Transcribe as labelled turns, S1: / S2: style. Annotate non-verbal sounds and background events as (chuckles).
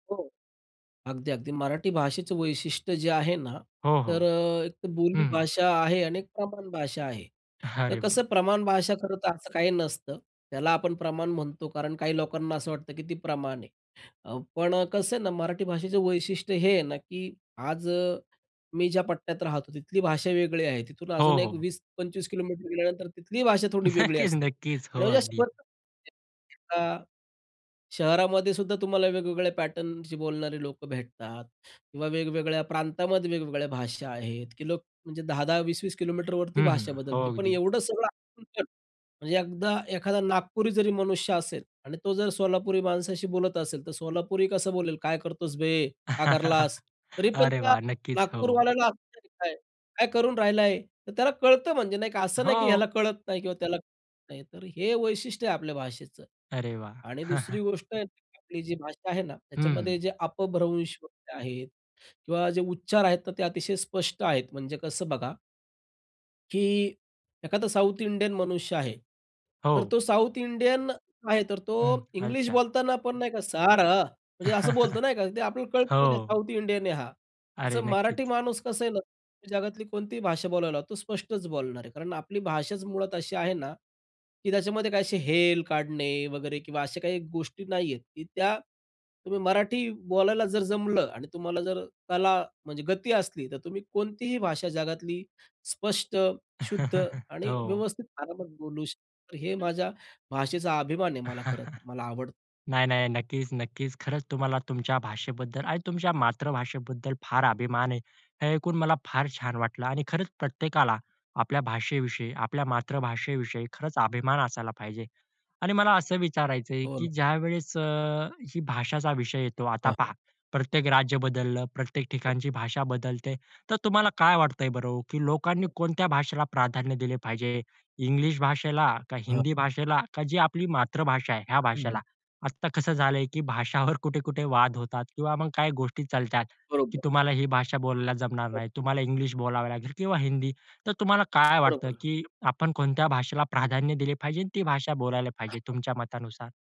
S1: हो. अगदी, अगदी. मराठी भाषेचं वैशिष्ट्य जे आहे ना,
S2: हो, हो.
S1: तर अ, एक बोली
S2: हं, हं.
S1: भाषा आहे आणि एक प्रमाण भाषा आहे.
S2: (chuckles)
S1: तर
S2: अरे वाह!
S1: कसं प्रमाण भाषा खरंतर असं काही नसतं. त्याला आपण प्रमाण म्हणतो, कारण काही लोकांना असं वाटतं की ती प्रमाण आहे. अ, पण अ, कसं आहे ना, मराठी भाषेचं वैशिष्ट्य हे आहे ना, की आज अ, मी ज्या पट्ट्यात राहतो, तिथली भाषा वेगळी आहे. तिथून
S2: हो,
S1: अजून एक
S2: हो.
S1: 20-25 किलोमीटर गेल्यानंतर तिथली भाषा थोडी
S2: (chuckles)
S1: वेगळी
S2: नक्कीच,
S1: असते.
S2: नक्कीच.
S1: आणि
S2: हो,
S1: म्हणजे असं
S2: अगदी.
S1: भरपूर भेटतात (unintelligible) शहरामध्ये सुद्धा तुम्हाला वेगवेगळ्या पॅटर्नशी बोलणारे लोकं भेटतात किंवा वेगवेगळ्या प्रांतामध्ये वेगवेगळ्या भाषा आहेत, की लोक म्हणजे 10-10, 20-20 किलोमीटरवरती
S2: हं, हं.
S1: भाषा
S2: हो
S1: बदलते. पण
S2: अगदी.
S1: एवढं सगळं आमच्या, म्हणजे एकदा एखादा नागपुरी जरी मनुष्य असेल आणि तो जर सोलापुरी माणसाशी बोलत असेल. तर सोलापुरी कसं बोलेल, "काय करतोस बे, का करलास."
S2: (chuckles)
S1: तरी पण
S2: अरे
S1: त्या
S2: वाह! नक्कीच. हो.
S1: नागपूरवाल्याला कळतं, "काय करून राहिलं आहे." तर त्याला कळतं म्हणजे नाही का? असं नाही की ह्याला
S2: हो.
S1: कळत नाही किंवा त्याला कळत नाही. तर हे वैशिष्ट्य आहे आपल्या भाषेचं.
S2: अरे वाह!
S1: आणि दुसरी
S2: (chuckles)
S1: गोष्ट आहे आपली जी भाषा आहे ना, त्याच्यामध्ये
S2: हम्म.
S1: जे अपभ्रंश (unintelligible) आहेत किंवा जे उच्चार आहेत, ते अतिशय स्पष्ट आहेत म्हणजे कसं बघा की एखादा साउथ इंडियन मनुष्य आहे. तर
S2: हो.
S1: तो साउथ इंडियन आहे. तर तो
S2: हं.
S1: इंग्लिश
S2: अच्छा.
S1: बोलताना पण नाही का, सॅड. म्हणजे असं बोलतो
S2: (chuckles)
S1: नाही का, ते आपल्याला कळत, की नाही
S2: हो.
S1: साउथ इंडियन आहे हा.
S2: अरे!
S1: तर मराठी
S2: नक्कीच.
S1: माणूस कसा आहे ना, जगातली कोणतीही भाषा बोलायला, तो स्पष्टच बोलणार आहे. कारण आपली भाषाच मुळात अशी आहे ना, की त्याच्यामध्ये काही असे हेल काढणे वगैरे किंवा अशा काही गोष्टी नाहीयेत की त्या तुम्ही मराठी बोलायला जर जमलं आणि तुम्हाला जर कला म्हणजे गती असली तर तुम्ही कोणतीही भाषा जगातली स्पष्ट, शुद्ध
S2: (chuckles)
S1: आणि
S2: हो.
S1: व्यवस्थित आरामात बोलू शकतो. हे माझ्या भाषेचा अभिमान आहे, मला खरंतर,
S2: (chuckles)
S1: मला आवडतं.
S2: नाही, नाही. नक्कीच, नक्कीच. खरंच तुम्हाला तुमच्या भाषेबद्दल आणि तुमच्या मातृभाषेबद्दल फार अभिमान आहे. हे ऐकून मला फार छान वाटलं. आणि खरंच प्रत्येकाला आपल्या भाषेविषयी, आपल्या मातृभाषेविषयी खरंच अभिमान असायला पाहिजे. आणि मला असं विचारायच आहे,
S1: हो
S2: की
S1: ना.
S2: ज्यावेळेस अ, ही भाषाचा विषय येतो,
S1: हां,
S2: आता
S1: हां.
S2: पहा प्रत्येक राज्य बदललं, प्रत्येक
S1: हो.
S2: ठिकाणची भाषा बदलते. तर तुम्हाला काय वाटतं आहे बरं हो, की लोकांनी कोणत्या भाषेला प्राधान्य दिले पाहिजे? इंग्लिश भाषेला का
S1: हां.
S2: हिंदी भाषेला का जी आपली मातृभाषा आहे, या भाषेला?
S1: हां.
S2: आता कसं झालं आहे, की भाषावर कुठे-कुठे वाद होतात किंवा मग काही गोष्टी चालतात, की
S1: बरोबर.
S2: तुम्हाला ही भाषा बोलायला जमणार
S1: हो.
S2: नाही, तुम्हाला इंग्लिश बोलावं लागेल किंवा हिंदी. तर तुम्हाला काय वाटतं,
S1: बरोबर.
S2: की आपण कोणत्या भाषेला प्राधान्य दिले पाहिजे, ती भाषा बोलायला पाहिजे,
S1: (unintelligible)
S2: तुमच्या मतानुसार?